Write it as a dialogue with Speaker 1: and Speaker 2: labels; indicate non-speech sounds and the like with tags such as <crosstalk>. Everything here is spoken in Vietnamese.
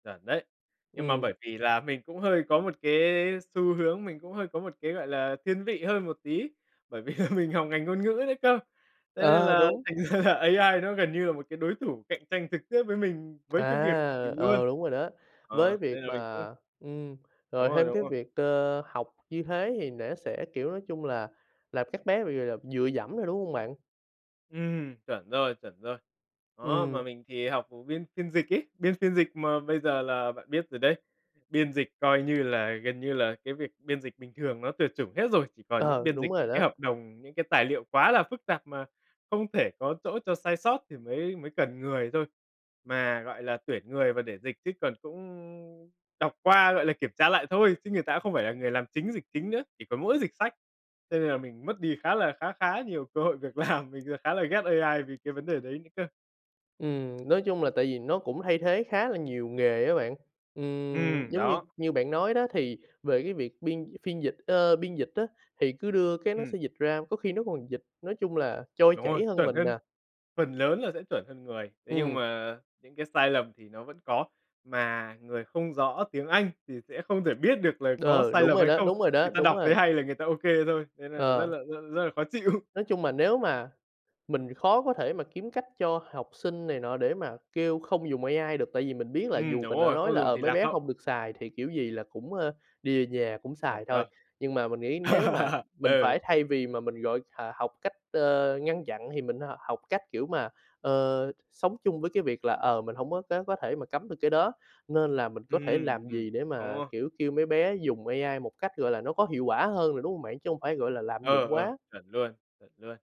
Speaker 1: Chuẩn đấy. Nhưng mà
Speaker 2: Ừm.
Speaker 1: bởi vì là mình cũng hơi có một cái xu hướng, mình cũng hơi có một cái, gọi là, thiên vị hơn một tí. Bởi vì là mình học ngành ngôn ngữ đấy cơ, thế nên
Speaker 2: Ờ,
Speaker 1: là
Speaker 2: đúng.
Speaker 1: thành ra là AI nó gần như là một cái đối thủ cạnh tranh trực tiếp với mình, với cái việc mình
Speaker 2: À,
Speaker 1: luôn.
Speaker 2: ờ, đúng rồi đó.
Speaker 1: Ờ,
Speaker 2: Với
Speaker 1: nên
Speaker 2: việc
Speaker 1: là mình cũng
Speaker 2: mà ừm,
Speaker 1: Đúng
Speaker 2: rồi
Speaker 1: rồi,
Speaker 2: thêm
Speaker 1: đúng
Speaker 2: cái
Speaker 1: rồi.
Speaker 2: việc cơ học như thế thì nẻ sẽ, kiểu, nói chung là làm các bé bị, gọi là, dựa dẫm nè, đúng hông bạn?
Speaker 1: Ừm, chuẩn rồi, chuẩn rồi. Đó, mà
Speaker 2: Ừm.
Speaker 1: mình thì học, ừm, biên phiên dịch ấy, biên phiên dịch mà bây giờ là bạn biết rồi đấy, biên dịch, coi như là, gần như là cái việc biên dịch bình thường nó tuyệt chủng hết rồi, chỉ còn những
Speaker 2: Ờ,
Speaker 1: biên dịch,
Speaker 2: đúng rồi
Speaker 1: những cái
Speaker 2: đó.
Speaker 1: hợp đồng, những cái tài liệu quá là phức tạp mà không thể có chỗ cho sai sót thì mới mới cần người thôi. Mà, gọi là, tuyển người mà để dịch chứ còn cũng đọc qua, gọi là, kiểm tra lại thôi, chứ người ta không phải là người làm chính, dịch chính nữa, chỉ có mỗi dịch sách. Cho nên là mình mất đi khá là khá khá nhiều cơ hội việc làm, mình vừa khá là ghét AI vì cái vấn đề đấy nữa cơ.
Speaker 2: Ừm, nói chung là tại vì nó cũng thay thế khá là nhiều nghề á bạn. Ừm,
Speaker 1: Ừm,
Speaker 2: giống như
Speaker 1: đó.
Speaker 2: như bạn nói đó thì về cái việc biên phiên dịch, ơ, biên dịch á, thì cứ đưa cái nó
Speaker 1: Ừm.
Speaker 2: sẽ dịch ra, có khi nó còn dịch, nói chung là, trôi
Speaker 1: Đúng rồi,
Speaker 2: chảy hơn
Speaker 1: chuẩn
Speaker 2: mình
Speaker 1: hơn,
Speaker 2: nè.
Speaker 1: phần lớn là sẽ chuẩn hơn người. Thế nhưng
Speaker 2: Ừm.
Speaker 1: mà những cái sai lầm thì nó vẫn có, mà người không rõ tiếng Anh thì sẽ không thể biết được là có
Speaker 2: Đờ,
Speaker 1: sai
Speaker 2: đúng
Speaker 1: lầm
Speaker 2: rồi
Speaker 1: hay
Speaker 2: đó,
Speaker 1: không,
Speaker 2: đúng rồi đó,
Speaker 1: người ta
Speaker 2: đúng
Speaker 1: đọc
Speaker 2: rồi.
Speaker 1: thấy hay là người ta ok thôi, thế nên là rất
Speaker 2: Ờ.
Speaker 1: là rất rất là khó chịu.
Speaker 2: Nói chung mà nếu mà mình thì khó có thể mà kiếm cách cho học sinh này nọ để mà kêu không dùng AI được, tại vì mình biết là
Speaker 1: Ừm,
Speaker 2: dù
Speaker 1: đúng
Speaker 2: mình đã
Speaker 1: rồi,
Speaker 2: nói
Speaker 1: không
Speaker 2: là,
Speaker 1: dùng
Speaker 2: ờ,
Speaker 1: thì
Speaker 2: "mấy
Speaker 1: lạc
Speaker 2: bé
Speaker 1: hậu.
Speaker 2: hông được xài" thì kiểu gì là cũng, a, đi về nhà cũng
Speaker 1: Chuẩn
Speaker 2: xài thôi.
Speaker 1: đó.
Speaker 2: Nhưng mà mình nghĩ nếu mà
Speaker 1: <laughs>
Speaker 2: mình
Speaker 1: Ừ.
Speaker 2: phải thay vì mà mình gọi thà học cách, ơ, ngăn chặn thì mình á h học cách kiểu mà, ờ, sống chung với cái việc là, ờ, mình hổng có có có thể mà cấm được cái đó. Nên là mình có thể
Speaker 1: Ừm,
Speaker 2: làm
Speaker 1: ừm,
Speaker 2: gì để mà,
Speaker 1: <unintelligible>
Speaker 2: kiểu, kêu mấy bé dùng AI một cách, gọi là, nó có hiệu quả hơn nè, đúng hông bạn? Chứ hông phải, gọi là, lạm
Speaker 1: Ừ,
Speaker 2: dụng
Speaker 1: ừ,
Speaker 2: quá.
Speaker 1: chuẩn luôn, chuẩn luôn.